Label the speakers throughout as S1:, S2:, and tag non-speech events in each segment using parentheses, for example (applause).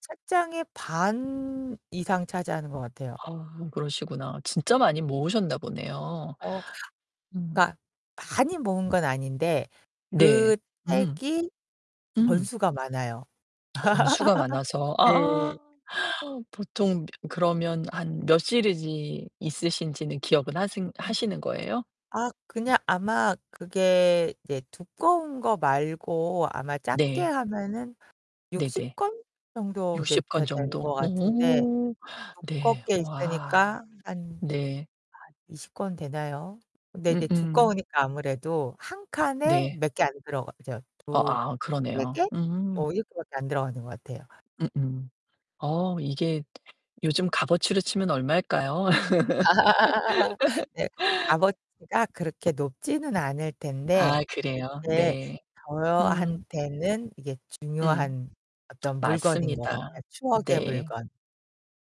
S1: 책장의 반 이상 차지하는 것 같아요.
S2: 아 그러시구나. 진짜 많이 모으셨나 보네요.
S1: 어
S2: 음.
S1: 그러니까 많이 모은 건 아닌데
S2: 네.
S1: 그
S2: 음.
S1: 책이
S2: 음.
S1: 권수가 많아요.
S2: 권수가 많아서.
S1: (laughs)
S2: 아
S1: 네.
S2: (gasps) 보통 그러면 한 몇 시리즈 있으신지는 기억은 하신
S1: 음
S2: 하시는 거예요?
S1: 아 그냥 아마 그게 이제 두꺼운 거 말고 아마 작게
S2: 네.
S1: 하면은 60
S2: 네네.
S1: 권 정도 이제
S2: 60 권
S1: 되 되는
S2: 정도.
S1: 것 같은데
S2: 오 네.
S1: 두껍게
S2: 와.
S1: 있으니까 한 한
S2: 네.
S1: 20 권 되나요? 근데 이제
S2: 음음.
S1: 두꺼우니까 아무래도 한 칸에
S2: 네.
S1: 몇 개 안 들어가죠.
S2: 어 아
S1: 2-3
S2: 그러네요.
S1: 개?
S2: 음.
S1: 뭐 이렇게밖에 안 들어가는 것 같아요.
S2: 음음. 어 이게 요즘 값어치로 치면 얼마일까요?
S1: (laughs) 네.
S2: (laughs)
S1: 값어치가 그렇게 높지는 않을 텐데
S2: 아 그래요?
S1: 그게
S2: 네. 음.
S1: 저한테는 이게
S2: 음.
S1: 중요한
S2: (sucks teeth)
S1: 어떤 물건인 것
S2: 맞습니다.
S1: 같아요. 추억의
S2: 네.
S1: 물건.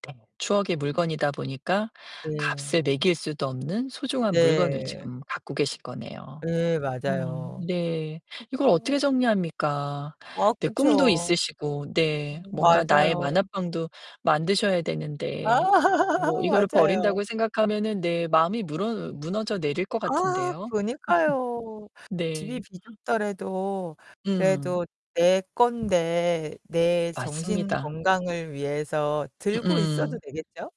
S2: (unintelligible) 추억의 물건이다 보니까
S1: 네.
S2: 값을 매길 수도 없는 소중한 물건을
S1: 네.
S2: 지금 갖고 계신 거네요.
S1: 예
S2: 음
S1: 맞아요.
S2: 네. 이걸
S1: 어.
S2: 어떻게 정리합니까?
S1: 어
S2: 네 꿈도
S1: 그렇죠.
S2: 있으시고 네 뭔가 나의
S1: 맞아요.
S2: 만화방도 만드셔야
S1: 아
S2: 되는데. 뭐
S1: (laughs)
S2: 이거를
S1: 맞아요.
S2: 버린다고 생각하면은 네 마음이 무너 무너져 내릴 것
S1: 아
S2: 같은데요.
S1: 그러니까요.
S2: (laughs)
S1: 집이
S2: 네.
S1: 비좁더라도
S2: 음.
S1: 그래도 내 건데 내 정신
S2: 맞습니다.
S1: 건강을 위해서 들고 있어도
S2: 음음.
S1: 되겠죠?